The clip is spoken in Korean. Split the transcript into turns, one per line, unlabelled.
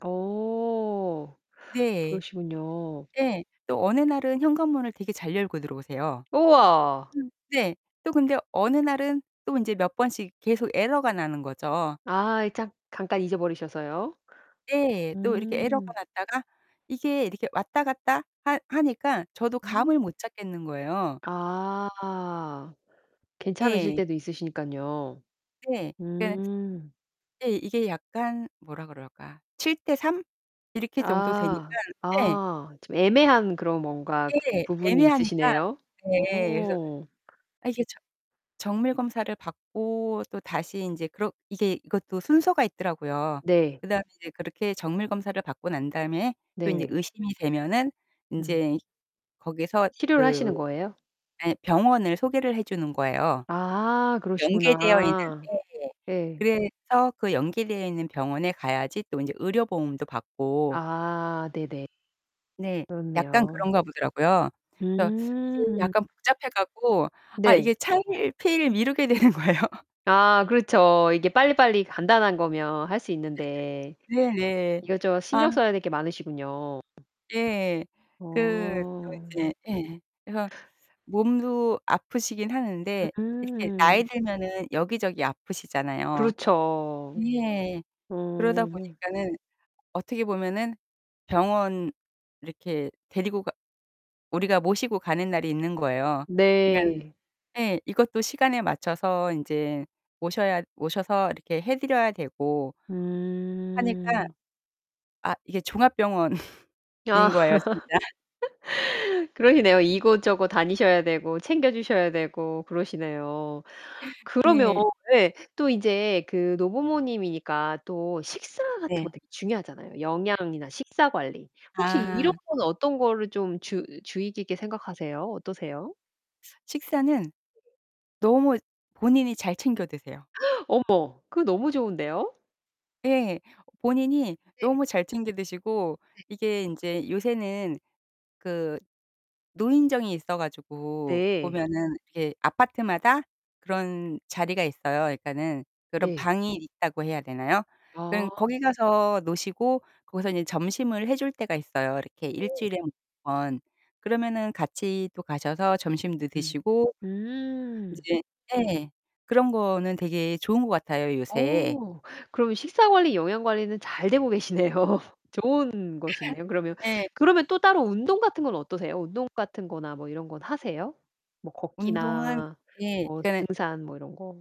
어
네.
그러시군요.
예 또 어느 날은 현관문을 되게 잘 열고 들어오세요.
우와.
음 네. 또 근데 어느 날은 또 인제 몇 번씩 계속 에러가 나는 거죠.
아이 짬 잠깐 잊어버리셔서요.
예 또 이렇게 에러가
음.
났다가 이게 이렇게 왔다 갔다 하 하니까 저도
음.
감을 못 잡겠는 거예요.
아. 괜찮으실
예.
때도 있으시니깐요.
네. 그러니까는
음.
예 이게 약간 뭐라 그럴까? 7 대 3 이렇게 정도
아.
되니깐 예.
아 좀 애매한 그런 뭔가
네
부분이
애매하니까
있으시네요.
네 그래서
어.
아 이게 저 정밀 검사를 받고 또 다시 인제 그렇 이게 이것도 순서가 있더라고요.
네.
그 다음에 이제 그렇게 정밀 검사를 받고 난 다음에 또 인제
네.
의심이 되면은
음.
인제 거기에서
치료를
그
하시는 거예요?
예 병원을 소개를 해 주는 거예요.
아
연계되어 있는
그러시구나.
예예
예.
그래서 그 연계되어 있는 병원에 가야지 또 인제 의료 보험도 받고
아 네네.
네. 약간
그렇네요.
그런가 보더라고요. 그래서 이게
음.
약간 복잡해 갖고 아
네.
이게 차일피일 미루게 되는 거예요.
아 그렇쵸. 이게 빨리빨리 간단한 거면 할 수 있는데
네네.
이것저것
아.
신경 써야 될 게 많으시군요.
예 그 또
어.
이제 예 그래서 몸도 아프시긴 하는데 이렇게 나이
음.
들면은 여기저기 아프시잖아요.
그렇죠.
예 그러다
어.
보니까는 어떻게 보면은 병원 이렇게 데리고 가 우리가 모시고 가는 날이 있는 거예요. 그러니까는
네.
예 이것도 시간에 맞춰서 인제 모셔야 모셔서 이렇게 해 드려야 되고 하니까
음.
아 이게 종합병원인
아.
거예요 진짜.
그러시네요. 이곳저곳 다니셔야 되고 챙겨 주셔야 되고 그러시네요. 그러면
네.
예 또 이제 그 노부모님이니까 또 식사 같은 거
네.
되게 중요하잖아요. 영양이나 식사 관리. 혹시 이런
아.
거는 어떤 거를 좀 주으 주의 깊게 생각하세요? 어떠세요?
식사는 너무 본인이 잘 챙겨 드세요.
어머 그거 너무 좋은데요?
네 본인이
네.
너무 잘 챙겨 드시고
네.
이게 인제 요새는 그 노인정이 있어 가지고
네.
보면은 이게 아파트마다 그런 자리가 있어요. 그러니까는 그런
네.
방이 있다고 해야 되나요?
아.
그런 거기 가서 노시고 거기서 인제 점심을 해 줄 때가 있어요. 이렇게 1
네.
주일에 1 번. 그러면은 같이 또 가셔서 점심도
음.
드시고
음.
이제 예 그런 거는 되게 좋은 것 같아요 요새.
어. 그러면 식사 관리 영양 관리는 잘 되고 계시네요. 좋은 곳이네요. 그러면
예.
그러면 또 따로 운동 같은 건 어떠세요? 운동 같은 거나 뭐 이런 건 하세요? 뭐
운동은
걷기나
예
뭐
그러니까는
등산 뭐 이런 거?